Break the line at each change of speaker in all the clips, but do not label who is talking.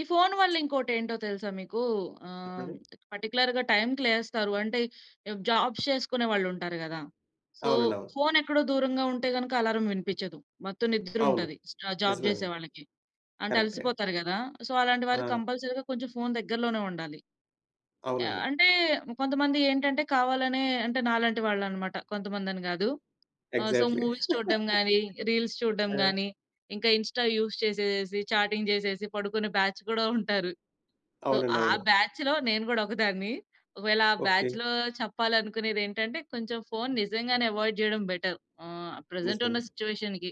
ఈ ఫోన్ వల్ల ఇంకోటేంటో తెలుసా మీకు? ఆహ్,
చెప్పండి.
పర్టిక్యులర్‌‌గా టైమ్‌కి లేస్తారు. అంటే, ఇప్ జాబ్స్ చేసుకునే వాళ్ళు ఉంటారు గదా! సో
అవునండి. అవును.
ఫోన్ ఎక్కడో దూరంగా ఉంటే గనక అల్లారం వినిపిచ్చదు. మొత్తం నిద్ర
అవును.
ఉంటది. స్ట్రా ఆ! జాబ్ జేసే
నిజమేనండి.
వాళ్ళకి. అంటే
కరెక్టే.
అలసిపోతారు గదా! ఆహ్, సో అలాంటి వారు
ఆ!
కంపల్సరీగా కొంచెం ఫోన్ దగ్గరలోనే ఉండాలి. ఆహ్,
అవునండి.
అంటే కొంతమంది ఏంటంటే కావాలనే అంటే నాలాంటి వాళ్ళు అన్నమాట. కొంతమంది అని గాదు. ఆహ్, సో
ఎగ్జాక్ట్‌లీ.
మూవీస్ చూడ్డం గాని, రీల్స్ చూడ్డం
ఆ!
గాని, ఇంకా ఇన్‌స్టా యూజ్ చేసేసి, చాటింగ్ చేసేసి పడుకునే బ్యాచ్ గూడా ఉంటారు. సో
అవునండి.
ఆ
అవును.
బ్యాచ్‌లో నేను గూడా ఒకదాన్ని. ఒకవేళ ఆ
ఓకే.
బ్యాచ్‌లో చెప్పాలనుకునేది ఏంటంటే, కొంచెం ఫోన్ నిజంగానే అవాయిడ్ జేయడం బెటర్. ఆహ్, ప్రెజెంట్
నిజమే
ఉన్న
అండి.
సిట్యుయేషన్‌కి.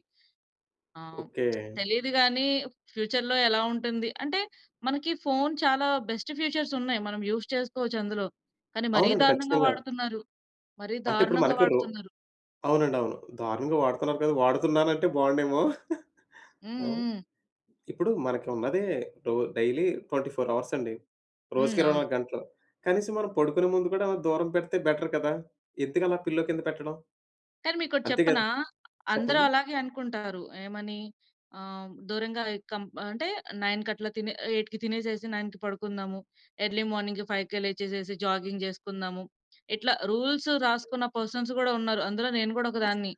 ఆహ్,
ఓకే.
తెలీదు గాని ఫ్యూచర్‌లో ఎలా ఉంటుంది అంటే మనకి ఫోన్ చాలా బెస్ట్ ఫీచర్స్ ఉన్నాయి. మనం యూజ్ చేసుకోవచ్చు అందులో. కానీ మరీ
అవునండి.
దారుణంగా
ఖచ్చితంగా.
వాడుతున్నారు. మరీ
అంటే ఇప్పుడు
దారుణంగా
మనకి రో
వాడుతున్నారు.
అవునండి, అవును. దారుణంగా వాడుతున్నారు కదా! వాడుతున్నానంటే బాగుండేమో!
హ్మ్.
ఆ?
హ్మ్.
ఇప్పుడు మనకు ఉన్నదే డో డైలీ 24 అవర్స్ అండి.
హ్మ్.
రోజుకి ఇరవై
అవును.
నాలుగు గంటలు. కనీసం మనం పడుకునే ముందు కూడా దూరం పెడితే బెటర్ కదా! ఎందుకు అలా పిల్లో కింద పెట్టడం?
కానీ మీకోటి
అంతే గదా
చెప్పనా! అందరూ
చెప్పండి.
అలాగే అనుకుంటారు. ఏమని ఆహ్, దూరంగా ఎ కం అంటే 9కి అట్లా తినే 8కి తినేసేసి, 9కి పడుకుందాము. ఎర్లీ మార్నింగ్ 5కే లేచేసేసి జాగింగ్ జేసుకుందాము. ఇట్లా రూల్స్ రాసుకున్న పర్సన్స్ గూడా ఉన్నారు. అందులో నేను గూడా ఒకదాన్ని.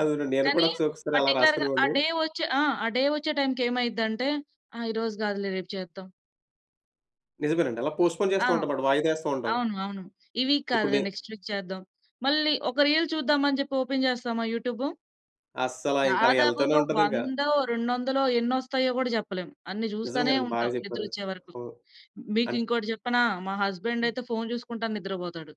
అవును. నేను కూడా
కానీ
ఒకసా ఒకసారి అలా
పర్టిక్యులర్‌గా ఆ
రాసుకునేవాడిని.
డే వచ్చే ఆ! డే వచ్చే టైమ్‌కి ఏమైద్దంటే, ఆహ్, ఈరోజు గాదులే రేపు చేద్దాం.
నిజమేనండి. అలా పోస్ట్‌‌పో‌న్
ఆ!
జేస్తూ ఉంటాం మాట. వాయిదా ఎస్తూ ఉంటాం.
అవును. అవును. ఈ వీక్
ఇప్పుడు
కాదులే,
నే
నెక్స్ట్ వీక్ చేద్దాం. మళ్ళి ఒక రీల్ చూద్దాం అని జెప్పి ఓపెన్ జేస్తామా యూట్యూబు?
అస్సల ఇంక అలా ఎళ్తూనే
దాదాపుగా
ఉంటది ఇంక.
వందో, రెండొందలో ఎన్నొస్తాయో గూడా జెప్పలేం. అన్ని జూస్తానే
నిజంగానండి. బాగా
ఉంటాం.
చెప్పారు.
నిద్రొచ్చే వరకు.
హ్మ్. అన్
మీకింకోటి చెప్పనా? మా హస్బండ్ అయితే ఫోన్ జూసుకుంటా నిద్రపోతాడు.